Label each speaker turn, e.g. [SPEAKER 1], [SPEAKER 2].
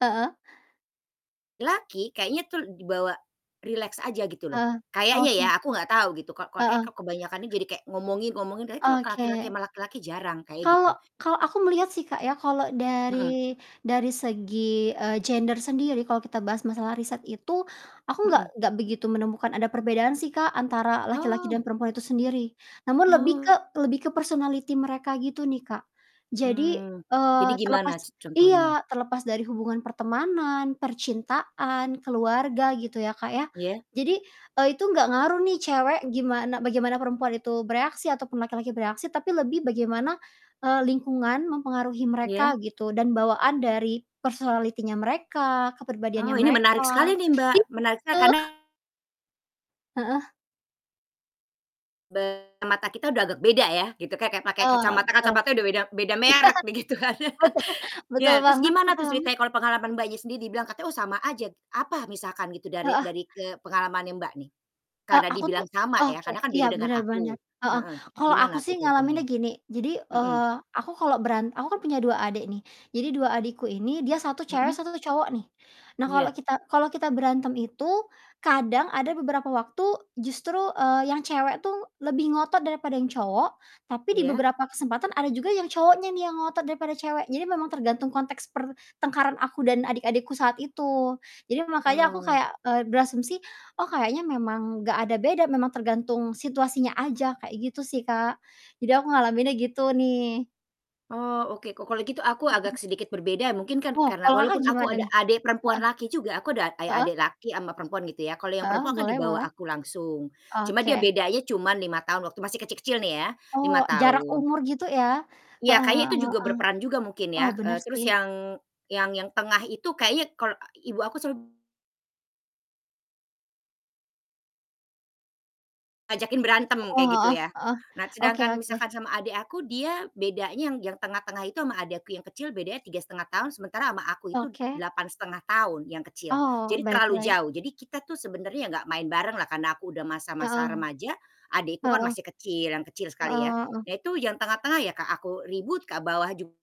[SPEAKER 1] Heeh?
[SPEAKER 2] Laki kayaknya tuh di bawa rileks aja gitu loh,
[SPEAKER 1] Ah,
[SPEAKER 2] kayaknya ya
[SPEAKER 1] oke.
[SPEAKER 2] aku gak tau gitu. Kal ko kayaknya
[SPEAKER 1] Heeh.
[SPEAKER 2] kebanyakan nih jadi kayak ngomongin-ngomongin tapi kalau laki-laki
[SPEAKER 1] Oke.
[SPEAKER 2] sama laki-laki jarang, kayak
[SPEAKER 1] Kalau
[SPEAKER 2] gitu.
[SPEAKER 1] kalau aku melihat sih Kak, ya, kalau
[SPEAKER 2] Heeh.
[SPEAKER 1] dari dari segi, eee, gender sendiri kalau kita bahas masalah riset itu, aku nggak
[SPEAKER 2] Mhm.
[SPEAKER 1] nggak begitu menemukan ada perbedaan sih Kak, antara laki-laki dan
[SPEAKER 2] Oh.
[SPEAKER 1] perempuan itu sendiri, namun lebih ke
[SPEAKER 2] Oh.
[SPEAKER 1] lebih ke personality mereka gitu nih Kak. Jadi,
[SPEAKER 2] Hmm,
[SPEAKER 1] eee,
[SPEAKER 2] jadi gimana
[SPEAKER 1] terlepas
[SPEAKER 2] c contohnya?
[SPEAKER 1] iya, terlepas dari hubungan pertemanan, percintaan, keluarga gitu ya, Kak, ya.
[SPEAKER 2] Iya?
[SPEAKER 1] Jadi, eee, itu nggak ngaruh nih cewek gimana bagaimana perempuan itu bereaksi ataupun laki-laki bereaksi, tapi lebih bagaimana, eee, lingkungan mempengaruhi mereka
[SPEAKER 2] Iya?
[SPEAKER 1] gitu dan bawaan dari personality-nya mereka, kepribadiannya
[SPEAKER 2] Oh, ini menarik
[SPEAKER 1] mereka,
[SPEAKER 2] sekali nih Mbak, menarik sekali.
[SPEAKER 1] gitu.
[SPEAKER 2] Karena
[SPEAKER 1] Heeh?
[SPEAKER 2] Be mata kita udah agak beda ya gitu, kek kek pakai
[SPEAKER 1] Ah,
[SPEAKER 2] kacamata
[SPEAKER 1] betul
[SPEAKER 2] kacamata
[SPEAKER 1] betul.
[SPEAKER 2] udah beda beda
[SPEAKER 1] Iya,
[SPEAKER 2] merek begitu kan.
[SPEAKER 1] betul betul
[SPEAKER 2] Ya, terus
[SPEAKER 1] banget, cepat
[SPEAKER 2] gimana tuh
[SPEAKER 1] banget.
[SPEAKER 2] ceritanya kalau pengalaman Mbaknya, sendiri dibilang katanya, "Oh, sama aja." Apa misalkan gitu dari
[SPEAKER 1] Heeh.
[SPEAKER 2] dari ke pengalamannya Mbak, nih?
[SPEAKER 1] Eee,
[SPEAKER 2] Karena
[SPEAKER 1] aku tuh
[SPEAKER 2] dibilang sama ya,
[SPEAKER 1] oke
[SPEAKER 2] karena kan beda
[SPEAKER 1] iya,
[SPEAKER 2] dengan
[SPEAKER 1] bener
[SPEAKER 2] aku
[SPEAKER 1] bener, heeh,
[SPEAKER 2] heeh,
[SPEAKER 1] kalau aku
[SPEAKER 2] gimana
[SPEAKER 1] sih
[SPEAKER 2] tuh
[SPEAKER 1] ngalaminnya
[SPEAKER 2] contohnya?
[SPEAKER 1] gini. Jadi,
[SPEAKER 2] Mhm.
[SPEAKER 1] eee, aku kalau beran aku kan punya 2 adik nih, jadi 2 adikku ini dia 1 cewek,
[SPEAKER 2] Mhm?
[SPEAKER 1] 1 cowok nih. Nah, kalau
[SPEAKER 2] Iya.
[SPEAKER 1] kita kalau kita berantem itu kadang ada beberapa waktu justru, eee, yang cewek tuh lebih ngotot daripada yang cowok, tapi di
[SPEAKER 2] Iya?
[SPEAKER 1] beberapa kesempatan ada juga yang cowoknya nih yang ngotot daripada cewek. Jadi, memang tergantung konteks pertengkaran aku dan adik-adikku saat itu. Jadi, makanya aku
[SPEAKER 2] Oh.
[SPEAKER 1] kayak, eee, berasumsi, "Oh, kayaknya memang nggak ada beda, memang tergantung situasinya aja" kayak gitu sih Kak, jadi aku ngalaminnya gitu nih.
[SPEAKER 2] Oh oke, ko kalau gitu aku
[SPEAKER 1] Mhm.
[SPEAKER 2] agak sedikit berbeda mungkin kan,
[SPEAKER 1] Oh,
[SPEAKER 2] karena
[SPEAKER 1] kalau Kakak,
[SPEAKER 2] walaupun aku
[SPEAKER 1] gimana
[SPEAKER 2] ada
[SPEAKER 1] nih?
[SPEAKER 2] adik perempuan
[SPEAKER 1] Heeh,
[SPEAKER 2] laki juga aku ada eh,
[SPEAKER 1] heeh?
[SPEAKER 2] adik laki sama perempuan gitu ya. Kalau yang
[SPEAKER 1] Heeh,
[SPEAKER 2] perempuan kan
[SPEAKER 1] boleh
[SPEAKER 2] dibawa
[SPEAKER 1] boleh.
[SPEAKER 2] aku langsung, cuma
[SPEAKER 1] Oke.
[SPEAKER 2] dia bedanya cuma 5 tahun waktu masih kecil-kecil nih ya,
[SPEAKER 1] Oh,
[SPEAKER 2] 5
[SPEAKER 1] jarak
[SPEAKER 2] tahun.
[SPEAKER 1] umur gitu ya?
[SPEAKER 2] Iya,
[SPEAKER 1] Heeh
[SPEAKER 2] kayaknya itu
[SPEAKER 1] heeh
[SPEAKER 2] juga
[SPEAKER 1] heeh.
[SPEAKER 2] berperan juga mungkin
[SPEAKER 1] Oh,
[SPEAKER 2] ya,
[SPEAKER 1] bener
[SPEAKER 2] eee, terus
[SPEAKER 1] sih.
[SPEAKER 2] yang yang yang tengah itu kayaknya kal e ibu aku sem Ajakin berantem
[SPEAKER 1] Heeh
[SPEAKER 2] kayak gitu
[SPEAKER 1] heeh
[SPEAKER 2] ya.
[SPEAKER 1] heeh,
[SPEAKER 2] Nah,
[SPEAKER 1] oke
[SPEAKER 2] sedangkan
[SPEAKER 1] oke.
[SPEAKER 2] misalkan sama adek aku, dia bedanya yang yang tengah-tengah itu sama adek aku yang kecil bedanya 3 1/2 tahun, sementara sama aku itu
[SPEAKER 1] Oke.
[SPEAKER 2] 8 1/2 tahun yang kecil,
[SPEAKER 1] Oh,
[SPEAKER 2] jadi terlalu
[SPEAKER 1] baik-baik.
[SPEAKER 2] jauh. Jadi, kita tuh sebenernya nggak main bareng lah karena aku udah masa-masa
[SPEAKER 1] Heeh,
[SPEAKER 2] remaja, adekku kan
[SPEAKER 1] heeh.
[SPEAKER 2] masih kecil, yang kecil sekali ya.
[SPEAKER 1] Heeh heeh.
[SPEAKER 2] Nah, itu yang tengah-tengah ya Kak, aku ribut ke bawah jug